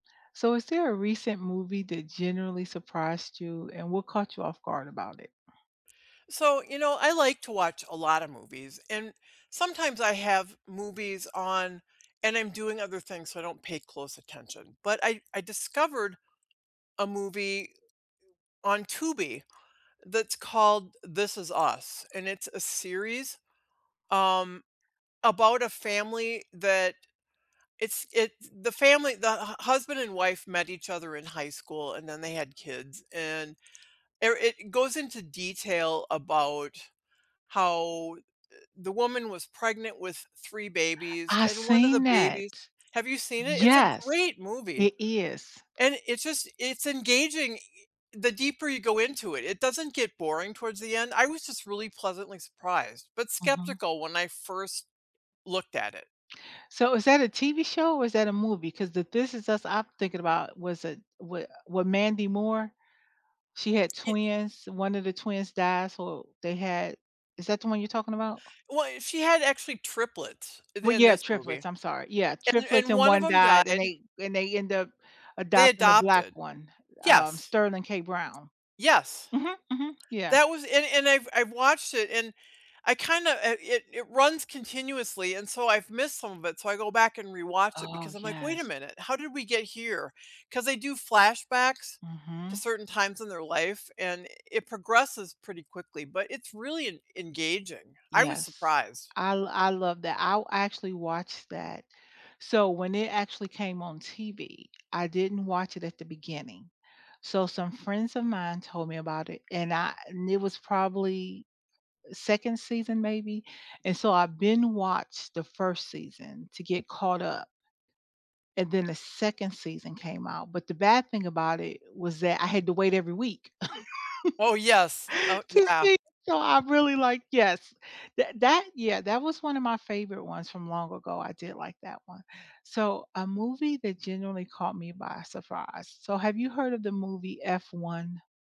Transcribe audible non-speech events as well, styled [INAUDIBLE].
So, is there a recent movie that generally surprised you, and what caught you off guard about it? So, you know, I like to watch a lot of movies, and sometimes I have movies on and I'm doing other things, so I don't pay close attention, but I I discovered a movie on Tubi that's called "This Is Us", and it's a series, um, about a family that it's it's the family the hu husband and wife met each other in high school and then they had kids, and, er it goes into detail about how the woman was pregnant with 3 babies, I and 1 of the seen that. babies have you seen it? It's a Yes, great movie. it is. And it's just it's engaging, the deeper you go into it, it doesn't get boring towards the end, I was just really pleasantly surprised, but Mhm. skeptical when I first looked at it. So, is that a TV show or is that a movie? 'Cause the "This Is Us" I'm thinking about was a wa wa Mandy Moore she had It i twins, 1 of the twins died so they had is that the one you're talking about? Well, she had actually triplets in Well, in yeah, this movie, triplets, I'm sorry. Yeah, and triplets and and 1 of 1 them died and died. they and they end up They adopting a adopted. black one, um, Yes. Sterling K. Brown. Yes. Mhm, mhm, yeah. That was and and I've I've watched it, and I kinda a it it runs continuously and so I've missed some of it, so I go back and rewatch it Oh, because I'm like, "Wait a yes. minute. How did we get here?" 'Cause they do flashbacks to Mhm. certain times in their life, and it progresses pretty quickly, but it's really en engaging. I was Yes. surprised. I lo I love that I actually watched that. So, when it actually came on TV, I didn't watch it at the beginning, so, some friends of mine told me about it and I and it was probably, 2nd season, maybe, and so I've been watched the 1st season to get caught up and then the 2nd season came out, but the bad thing about it was that I had to wait every week [LAUGHS] Oh, yes. Oh to yeah. see so I really like yes, that that yeah, that was one of my favorite ones from long ago, I did like that one. So, a movie that genuinely caught me by surprise, so have you heard of the movie F1?